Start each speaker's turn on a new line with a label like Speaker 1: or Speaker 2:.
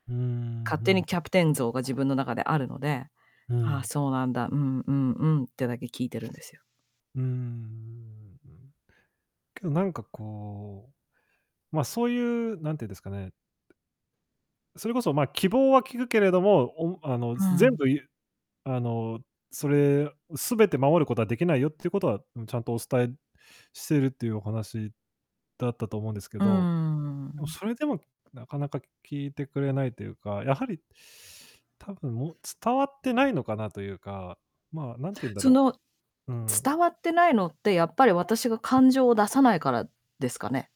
Speaker 1: うーん、う
Speaker 2: 勝手に
Speaker 1: ん。
Speaker 2: キャプテン像が自分の中であるので
Speaker 1: う
Speaker 2: 「ああ、
Speaker 1: ん。
Speaker 2: そうなんだ、うんうんうん」ってだけ聞いてるんですよ。
Speaker 1: うーん。けどなんかこう、ま、そういう、なんていうんですかね。それこそまあ、希望は聞くけれども、おあの、
Speaker 2: う
Speaker 1: ぜ全
Speaker 2: ん。
Speaker 1: 部いあの、それを全て守ることはできないよっていうことは、うん、ちゃんとお伝えしているっていうお話だったと思うんですけ
Speaker 2: うー
Speaker 1: ど。でも
Speaker 2: ん。
Speaker 1: それでもなかなか聞いてくれないというか、やはり、多分もう伝わってないのかなというか、まあ、なんて言うんだ
Speaker 2: そ
Speaker 1: ろ
Speaker 2: の、
Speaker 1: う、うん。
Speaker 2: 伝わってないのって、やっぱり私が感情を出さないからですかね？